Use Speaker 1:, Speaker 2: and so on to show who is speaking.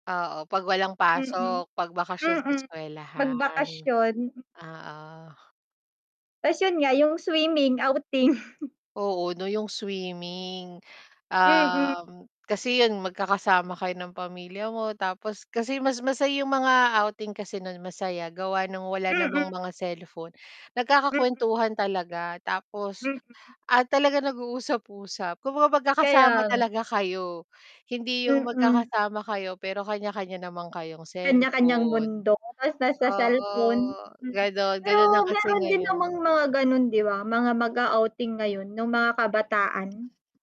Speaker 1: Oo, 'pag walang
Speaker 2: Mm.
Speaker 1: pasok, 'pag bakasyon sa
Speaker 2: Mm.
Speaker 1: eskuwelahan.
Speaker 2: Magbakasyon.
Speaker 1: Oo.
Speaker 2: Ta's yun nga, yung swimming, outing.
Speaker 1: Oo 'no, yung swimming.
Speaker 2: Mm.
Speaker 1: Um, kasi yun magkakasama kayo ng pamilya mo tapos kasi mas masaya yung mga outing kasi nun, masaya gawa ng wala namang
Speaker 2: Mm.
Speaker 1: mga cellphone,
Speaker 2: Mm.
Speaker 1: nagkakakuwentuhan talaga tapos
Speaker 2: Mm.
Speaker 1: at talaga nag-uusap-usap kung magkakasama
Speaker 2: Kaya nga.
Speaker 1: talaga kayo. Hindi yung
Speaker 2: Mm.
Speaker 1: magkakasama kayo, pero kanya-kanya naman kayong
Speaker 2: Kanya-kanyang
Speaker 1: cellphone.
Speaker 2: bundok ta's nasa
Speaker 1: Oo,
Speaker 2: cellphone, mm.
Speaker 1: ganun.
Speaker 2: Pero
Speaker 1: Ganun na kasi
Speaker 2: meron din namang
Speaker 1: ngayon.
Speaker 2: mga gano'n di ba, mga mag-a-outing ngayon, yung mga kabataan.